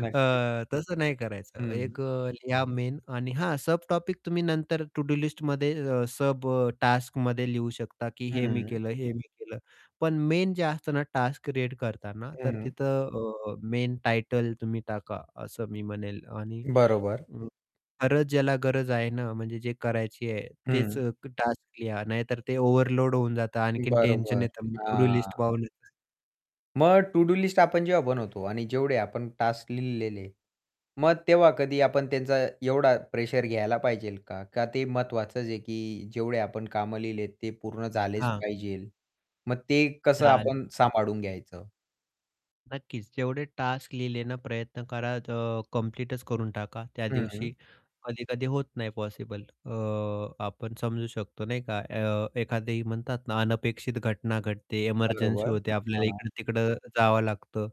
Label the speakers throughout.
Speaker 1: नक्कीच.
Speaker 2: तसं नाही
Speaker 1: [unintelligible]
Speaker 2: करायचं
Speaker 1: हं.
Speaker 2: एक अ, लिहा मेन आणि हां, सब टॉपिक तुम्ही नंतर टू-डू-लिस्टमध्ये अ, सब टास्कमध्ये लिहू शकता, की हे मी
Speaker 1: हं.
Speaker 2: केलं, हे मी केलं. पण मेन जे असतं ना, टास्क रीड करतांना, तर
Speaker 1: हं.
Speaker 2: तिथं अ, मेन टायटल तुम्ही टाका, असं मी म्हणेल आणि
Speaker 1: बरोबर.
Speaker 2: अ, खरंच ज्याला गरज आहे ना, म्हणजे जे करायची आहे तेच
Speaker 1: हं.
Speaker 2: अ, टास्क लिहा, नाहीतर ते ओव्हरलोड होऊन जातं, आणखीन टेन्शन
Speaker 1: बरोबर.
Speaker 2: येतं टू-डू-लिस्ट
Speaker 1: हां.
Speaker 2: [unintelligible]
Speaker 1: मग टू-डू-लिस्ट आपण जेव्हा आपण बनवतो आणि जेवढे आपण टास्क लिहिलेले. मग तेव्हा कधी आपण त्यांचा एवढा प्रेशर घ्यायला पाहिजे का? का ते महत्वाचंच आहे की जेवढे आपण काम लिहिलेत ते पूर्ण झालेच
Speaker 2: हां.
Speaker 1: पाहिजे मग ते कसं
Speaker 2: चालेल.
Speaker 1: आपण
Speaker 2: [unintelligible]
Speaker 1: सांभाळून घ्यायचं?
Speaker 2: नक्कीच. जेवढे टास्क लिहिले ना, प्रयत्न करा ज कंप्लीटच करून टाका त्या
Speaker 1: हं.
Speaker 2: दिवशी. कधी-कधी होत नाही पॉसिबल अ, आपण समजू शकतो नाही का? अ, एखादी म्हणतात ना, अनपेक्षित घटना घडते, एमर्जन्सी
Speaker 1: बरोबर.
Speaker 2: होते, आपल्याला
Speaker 1: हां.
Speaker 2: इकडं-तिकडं जावं लागतं.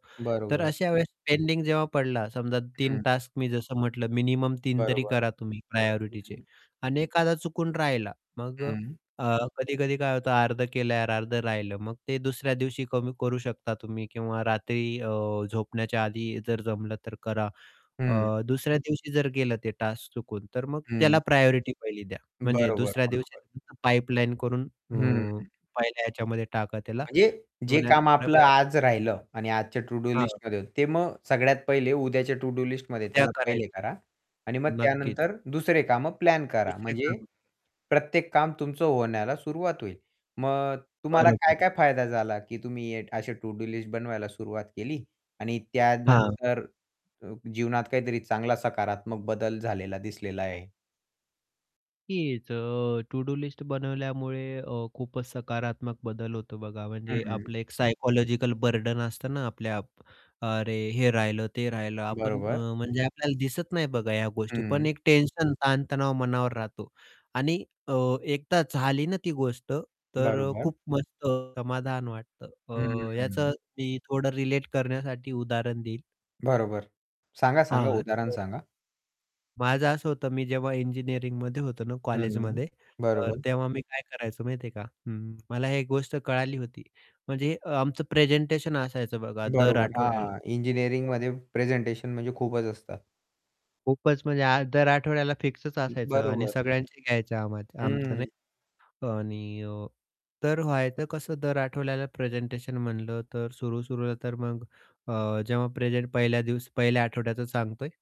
Speaker 2: तर
Speaker 1: बरोबर.
Speaker 2: अशा वेळेस पेंडिंग जेव्हा पडला, समजा 3
Speaker 1: हं.
Speaker 2: टास्क मी जसं म्हटलं, मिनिमम 3 तरी
Speaker 1: बरोबर.
Speaker 2: करा तुम्ही
Speaker 1: हं,
Speaker 2: प्रायोरिटिचे
Speaker 1: हं.
Speaker 2: आणि एखादा चुकून राहिला मग अ,
Speaker 1: हं.
Speaker 2: अ, कधी-कधी काय होतं अर्धं केल, अर्धं राहिलं. मग ते दुसऱ्या दिवशी कमी करू शकता तुम्ही किंवा रात्री अ, झोपण्याच्या आधी जर जमलं तर करा. अ,
Speaker 1: हं.
Speaker 2: दुसऱ्या दिवशी जर गेलं ते टास्क चुकून तर मग
Speaker 1: हं.
Speaker 2: त्याला प्रायोरिटी पहिली द्या, म्हणजे
Speaker 1: बरोबर,
Speaker 2: दुसऱ्या
Speaker 1: बरोबर.
Speaker 2: दिवशी पाईपलाईन करून अ,
Speaker 1: हं.
Speaker 2: पहिल्या ह्याच्यामध्ये टाका त्याला
Speaker 1: म्हणजे जे
Speaker 2: [unintelligible] या
Speaker 1: काम आपलं
Speaker 2: प्रकारे
Speaker 1: आज राहिलं आणि आजच्या
Speaker 2: हां.
Speaker 1: टू-डू-लिस्टमध्ये ते मग सगळ्यात पहिले उद्याच्या टू-डू -लिस्टमध्ये
Speaker 2: उद्या
Speaker 1: त्याला
Speaker 2: करायचं.
Speaker 1: पहिले करा. आणि मग
Speaker 2: नक्कीच.
Speaker 1: त्यानंतर दुसरे कामं प्लॅन करा.
Speaker 2: दुसरे
Speaker 1: म्हणजे
Speaker 2: काम.
Speaker 1: प्रत्येक काम तुमचं होण्याला सुरुवात होईल. मग तुम्हाला
Speaker 2: बरं, बरं.
Speaker 1: काय-काय फायदा झाला, की तुम्ही असे टू-डू-लिस्ट बनवायला सुरुवात केली आणि
Speaker 2: हां.
Speaker 1: त्यानंतर अ, जीवनात काहीतरी चांगला सकारात्मक बदल झालेला दिसलेला आहे.
Speaker 2: हीच अ, टू-डू-लिस्ट बनवल्यामुळे अ, खूपच सकारात्मक बदल होतो बघा. म्हणजे
Speaker 1: हं.
Speaker 2: आपलं एक सायकॉलॉजिकल बर्डन असतं ना, आपल्या अरे हे राहिलं ते राहिलं आपण
Speaker 1: बरोबर.
Speaker 2: अ, म्हणजे आपल्याला दिसत नाही बघा ह्या गोष्टी. पण
Speaker 1: हं.
Speaker 2: एक टेन्शन ताण-तणाव मनावर राहतो आणि अ, एकदा झाली ना, ती गोष्ट तर अ,
Speaker 1: बरोबर.
Speaker 2: खूप मस्त समाधान वाटतं
Speaker 1: हं, हं,
Speaker 2: अ,
Speaker 1: हं.
Speaker 2: याचं मी थोडं रिलेट करण्यासाठी उदाहरण देईन.
Speaker 1: बरोबर, सांगा, सांगा
Speaker 2: हां.
Speaker 1: उदाहरण
Speaker 2: तर
Speaker 1: सांगा.
Speaker 2: माझं असं होतं मी जेव्हा इंजिनिअरिंगमध्ये होतो ना,
Speaker 1: हं.
Speaker 2: कॉलेजमध्ये, तर
Speaker 1: बरोबर.
Speaker 2: तेव्हा मी काय करायचो माहिती आहे का? हं, मला एक गोष्ट कळाली होती. म्हणजे अ, आमचं प्रेझेंटेशन असायचं बघा दर
Speaker 1: बरोबर.
Speaker 2: आठवड्याला.
Speaker 1: हां.
Speaker 2: [unintelligible]
Speaker 1: इंजिनिअरिंगमध्ये प्रेझेंटेशन म्हणजे खूपच असतात.
Speaker 2: खूपच म्हणजे आ दर आठवड्याला फिक्सच
Speaker 1: हं.
Speaker 2: असायचं आणि
Speaker 1: बरोबर.
Speaker 2: सगळ्यांचे घ्यायचं आम्हा आमचं
Speaker 1: हं.
Speaker 2: नाही आणि अ, तर व्हायचं कसं दर आठवड्याला प्रेझेंटेशन म्हणलं तर सुरू, सुरूला तर मग अ, जेव्हा प्रेझेंट पहिल्या दिवस पहिल्या आठवड्याचं सांगतोय.